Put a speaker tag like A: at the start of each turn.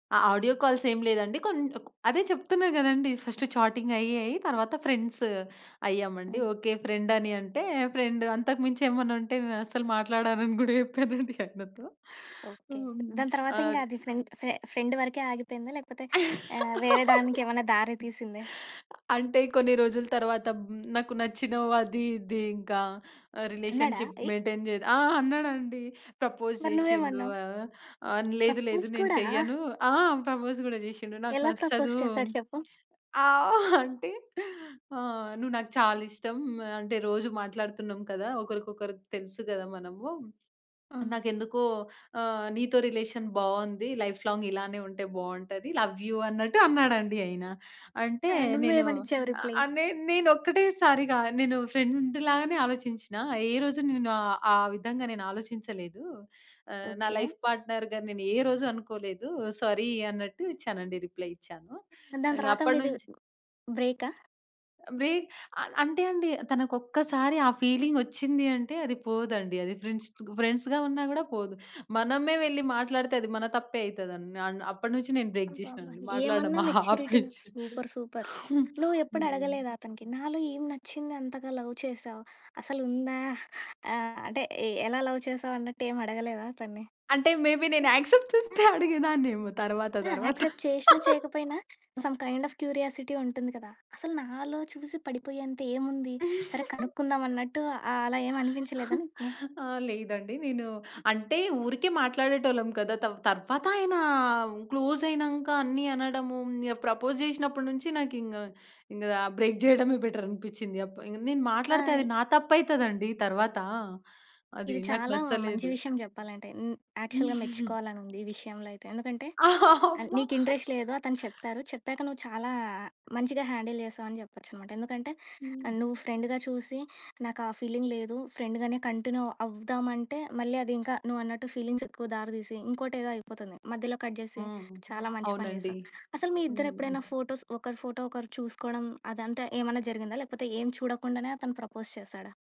A: ఆ! ఆడియో కాల్సేమి లేదండి. కొన్నింటకు అదే చెప్తున్నా గదండీ, ఫస్టు చాటింగయ్యి, అయ్యి, తరవాత ఫ్రెండ్స్ అయ్యామండి.
B: హ్మ్.
A: ఓకే. ఫ్రెండని అంటే, ఫ్రెండు. అంతకు మించేమన్నుంటే, నేనస్సలు మాట్లాడనని గూడా చెప్పానండి. ఆయనతో
B: ఓకే.
A: హ్మ్.
B: దాని తర్వాత
A: ఆది
B: ఇంగాది ఫ్రెండ్ ఫె ఫ్రెండ్ వరకే ఆగిపోయిందా? లేకపోతే యాహ్, వేరే దానికేమన్నా దారి తీసిందే?
A: అంటే, కొన్ని రోజుల తర్వాత, హ్మ్, నాకు నచ్చినవు, అదీ, ఇదీ, ఇంకా ఆహ్,
B: అన్నాడా?
A: రిలేషన్షిప్
B: ఎయ్!
A: మెయింటైన్ చేద్ ఆ! అన్నాడండి. ప్రపోజ్
B: మరి
A: జేషిండు.
B: నువ్వేమన్నావు?
A: ఆహ్, ఆ! లేదు లేదు,
B: ప్రఫ్ఫోస్
A: నేను
B: కూడా.
A: చెయ్యను. ఆ! ప్రపోజ్ గూడా జేషిండు. నాకు
B: ఎలా ప్రపోజ్
A: నచ్చదూ.
B: చేసాడు చెప్పు?
A: ఆ! అంటే, ఆహ్, నువ్వు నాకు చాలిష్టం. ఆహ్, అంటే రోజు మాట్లాడుతున్నాం కదా! ఒకరికొకరికి తెలుసు గదా, మనము.
B: ఆ!
A: నాకెందుకో ఆహ్, నీతో రిలేషన్ బావుంది. లైఫ్ లాంగ్ ఇలానే ఉంటే, బావుంటది లవ్ యూ అన్నట్టు, అన్నాడండి ఆయన. అంటే,
B: ఆ!
A: నేను
B: నువ్వేమనిచ్చావు రిప్లయ్?
A: ఆహ్, నేన్ నేనొక్కటే సారిగా, నేను ఫ్రెండు లాగనే ఆలోచించినా, ఏ రోజు నేను ఆ ఆ విధంగా నేను ఆలోచించలేదు. ఆహ్, నా
B: ఓకే.
A: లైఫ్ పార్ట్‌నర్‌గా నేనే రోజు అనుకోలేదు సారీ. అన్నట్టు ఇచ్చానండి, రిప్లయ్ ఇచ్చాను.
B: దాని తర్వాత
A: ఇంగప్పటి
B: మీది
A: నుంచి
B: బ్రేకా?
A: బ్రే అల అంటే అండి, తనకొక్కసారి ఆ ఫీలింగొచ్చింది అంటే, అది పోదండి. అది ఫ్రెండ్స్‌ తుగు ఫ్రెండ్స్‌‌గా ఉన్నా గూడా పోదు. మనమే వెళ్లి మాట్లాడితే, అది మన తప్పే అయితదండి. అన్ అప్పడినుంచి, నేను బ్రేక్
B: అబ్బా!
A: జేషినా
B: అబ్బా!
A: అండి. మాట్లాడడం
B: ఏమన్నా మెచ్యూరిటీన!
A: ఆపేచ్చి
B: సూపర్ సూపర్. నువ్వెప్పుడు
A: హ్మ్.
B: అడగలేదా అతనికి? నాలో ఏమి నచ్చింది అంతగా లవ్ చేసావు? అసలుందా? ఆహ్, అంటే, ఎ ఎలా లవ్ చేసావన్నట్టు, ఏమడగలేదా అతన్ని?
A: అంటే, మేబి నేను యాక్సెప్ట్ చేస్తే అడిగేదాన్నేమో! తరవాత,
B: ఆ!
A: తరవాత.
B: యాక్సె‌ప్ట్ చేషినా, చేయకపోయినా, సమ్ కైండ్ ఆఫ్ క్యూరియాసిటీ ఉంటుంది కదా! అసలు, నాలో చూసి పడిపోయేంత, ఏముంది? సరే కనుక్కుందాం అన్నట్టు, ఆహ్, అలా ఏమనిపించలేదా నీకి?
A: ఆ! లేదండి నేనూ అంటే, ఊరికే మాట్లాడేటోళ్ళం కదా! తవ్ తర్వాతాయనా, క్లోజయినంక అన్నీ అనడమూ, ఇంగ ప్రపోజ్ జేషినప్పటి నుంచి నాకింగ, ఇంగ ఆహ్, బ్రేక్ జేయడమే బెటరనిపిచ్చింది. అప్ ఇంగ నేను
B: ఆ!
A: మాట్లాడితే,
B: ఇ
A: అది నా తప్పయితదండి తర్వాతా. అది
B: ఇది
A: నాకు
B: చాలా మంచి
A: నచ్చలేదు.
B: విషయం జెప్పాలంటే. హ్మ్. యాక్చుల్‌గా మెచ్చుకోవాలనుంది, ఈ విషయంలో అయితే. ఎందుకంటే, ఆహ్,
A: అమ్మ!
B: నీకింట్రెస్ట్ లేదు అతను చెప్పారు, చెప్పాక నువ్వు చాలా, మంచిగా హ్యాండిల్ జేసావని చెప్పొచ్చనమాట. ఎందుకంటే ఆహ్, నువ్వు ఫ్రెండుగా చూసి, నాకా ఫీలింగ్ లేదు, ఫ్రెండు గానే కంటిన్యూ అవ్వుదామంటే, మళ్ళీ అదింకా నువ్వన్నట్టు ఫీలింగ్సెక్కువ దారి తీసి, ఇంకోటేదో అయిపోతుంది. మధ్యలో కట్ జేసి,
A: హ్మ్.
B: చాలా మంచి పని
A: అవునండి.
B: చేశావు. అసలు మీ ఇద్దరెప్పుడైనా
A: హ్మ్.
B: ఫోటోస్ ఒకరి ఫోటో, ఒకరు చూసుకోడం అదంతా ఏమన్నా జరిగిందా? లేకపోతే, ఏం చూడకుండానే అతను ప్రపోజ్ చేశాడా?